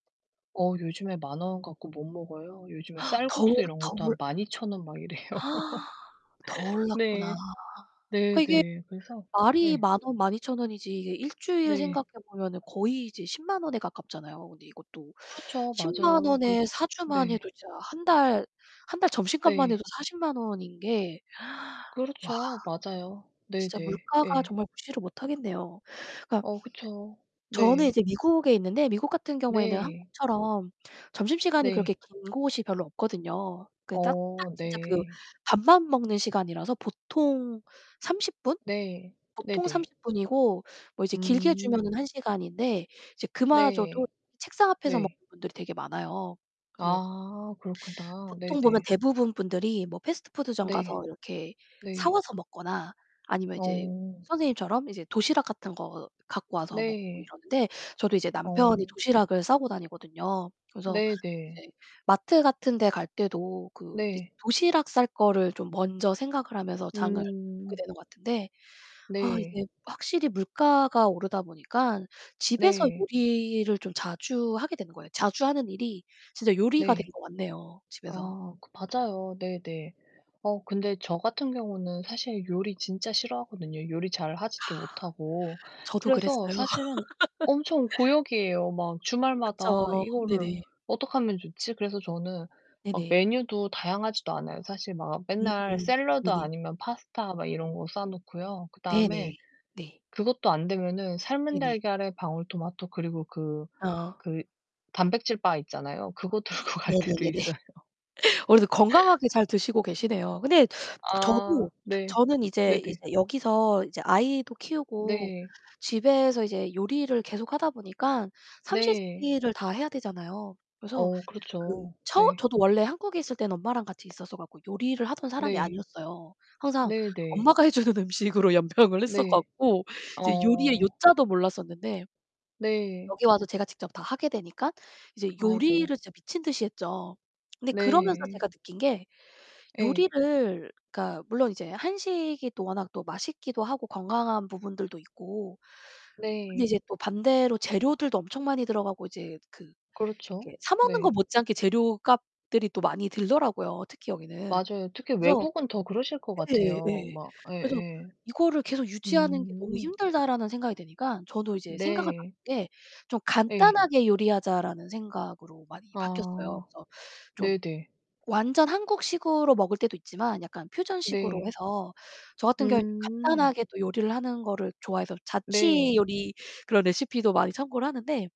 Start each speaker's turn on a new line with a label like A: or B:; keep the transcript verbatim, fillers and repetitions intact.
A: 어 요즘에 만 원 갖고 못 먹어요. 요즘에
B: 더
A: 쌀국수
B: 오르
A: 이런
B: 더
A: 것도 한
B: 올
A: 만이천 원 막 이래요.
B: 더 올랐구나.
A: 네. 네
B: 그러니까 이게
A: 네. 그래서
B: 말이
A: 예.
B: 만 원, 만이천 원이지 이게 일 주일
A: 네.
B: 생각해 보면은 거의 이제 십만 원에 가깝잖아요. 근데 이것도
A: 그렇죠.
B: 십만
A: 맞아요.
B: 원에
A: 그래스
B: 사 주만
A: 네.
B: 해도 진짜 한 달 한 달 점심값만 해도
A: 네.
B: 사십만 원인 게 와.
A: 그렇죠. 맞아요.
B: 진짜
A: 네네.
B: 물가가
A: 예.
B: 정말 무시를 못하겠네요. 그러니까
A: 어 그쵸.
B: 저는
A: 네.
B: 이제 미국에 있는데 미국 같은 경우에는
A: 네.
B: 한국처럼 점심시간이 그렇게
A: 네.
B: 긴 곳이 별로 없거든요. 그 딱, 딱
A: 어
B: 진짜 그
A: 네.
B: 밥만 먹는 시간이라서 보통 삼십 분?
A: 네.
B: 보통
A: 네네.
B: 삼십 분이고 뭐 이제 길게
A: 음.
B: 주면은 한 시간인데 이제 그마저도
A: 네.
B: 책상 앞에서 먹는
A: 네.
B: 분들이 되게 많아요. 그래서 뭐
A: 아 그렇구나.
B: 보통 보면
A: 네네.
B: 대부분 분들이 뭐 패스트푸드점
A: 네.
B: 가서 이렇게 사
A: 네.
B: 와서 먹거나 아니면 이제
A: 어.
B: 선생님처럼 이제 도시락 같은 거 갖고 와서 먹고
A: 네.
B: 이러는데 저도 이제
A: 어.
B: 남편이 도시락을 싸고 다니거든요. 그래서
A: 네 네.
B: 이제 마트 같은 데 갈 때도 그 이제
A: 네.
B: 도시락 쌀 거를 좀 먼저 생각을 하면서 장을 보게
A: 음.
B: 되는 것 같은데 아
A: 네.
B: 이게 확실히 물가가 오르다 보니깐 집에서
A: 네.
B: 요리를 좀 자주 하게 되는 거예요. 자주 하는 일이 진짜 요리가 된
A: 네.
B: 것 같네요, 집에서.
A: 아 그 맞아요. 네네. 어 근데 저 같은 경우는 사실 요리 진짜 싫어하거든요 요리 잘 하지도 못하고.
B: 저도
A: 그래서
B: 그랬어요.
A: 사실은 엄청 고역이에요. 막 주말마다
B: 그쵸.
A: '이거를
B: 네네.
A: 어떡하면 좋지?' 그래서 저는 막
B: 네네.
A: 메뉴도 다양하지도 않아요. 사실 막
B: 음
A: 맨날
B: 음.
A: 샐러드
B: 네네.
A: 아니면 파스타 막 이런 거 싸 놓고요.
B: 네
A: 그다음에
B: 네. 네.
A: 그것도 안되면은 삶은
B: 네네.
A: 달걀에 방울토마토 그리고 그
B: 어.
A: 그 단백질 바 있잖아요. 그거 들고 갈 때도
B: 네네네네.
A: 있어요.
B: 어 그래도 건강하게 잘 드시고 계시네요. 근데
A: 아
B: 저도
A: 네.
B: 저는 이제
A: 네네.
B: 이제 여기서 이제 아이도 키우고
A: 네.
B: 집에서 이제 요리를 계속하다 보니깐 삼 시 세
A: 네.
B: 끼를 다 해야 되잖아요. 그래서
A: 어
B: 그
A: 그렇죠.
B: 처음
A: 네.
B: 저도 원래 한국에 있을 때는 엄마랑 같이 있어서 갖고 요리를 하던 사람이
A: 네.
B: 아니었어요. 항상
A: 네 네.
B: 엄마가 해 주는 음식으로 연명을 했어
A: 네.
B: 갖고 이제 요리의
A: 어.
B: 요자도 몰랐었는데
A: 네.
B: 여기 와서 제가 직접 다 하게 되니까 이제 요리를
A: 아이고.
B: 진짜 미친 듯이 했죠. 근데 그러면서
A: 네.
B: 제가 느낀 게
A: 에.
B: 요리를 그러니까 물론 이제 한식이 또 워낙 또 맛있기도 하고 건강한 부분들도 있고 근데
A: 네.
B: 이제 또 반대로 재료들도 엄청 많이 들어가고 이제 그
A: 그렇죠.
B: 이렇게 사 먹는 것
A: 네.
B: 못지않게 재료값들이 또 많이 들더라고요, 특히 여기는.
A: 맞아요. 특히
B: 그래서
A: 외국은 더 그러실 것
B: 예 예
A: 같아요.
B: 예.
A: 막
B: 그래서
A: 예예.
B: '이거를 계속 유지하는 게 너무
A: 음.
B: 힘들다.'라는 생각이 드니까 저도 이제 생각을 바꾼
A: 네.
B: 게 '좀
A: 예.
B: 간단하게 요리하자.'라는 생각으로 많이 바뀌었어요.
A: 아
B: 그래서 좀
A: 네네.
B: 완전 한국식으로 먹을 때도 있지만 약간 퓨전식으로
A: 네.
B: 해서 저 같은 경우엔 좀
A: 음.
B: 간단하게 또 요리를 하는 거를 좋아해서 자취
A: 네.
B: 요리 그런 레시피도 많이 참고를 하는데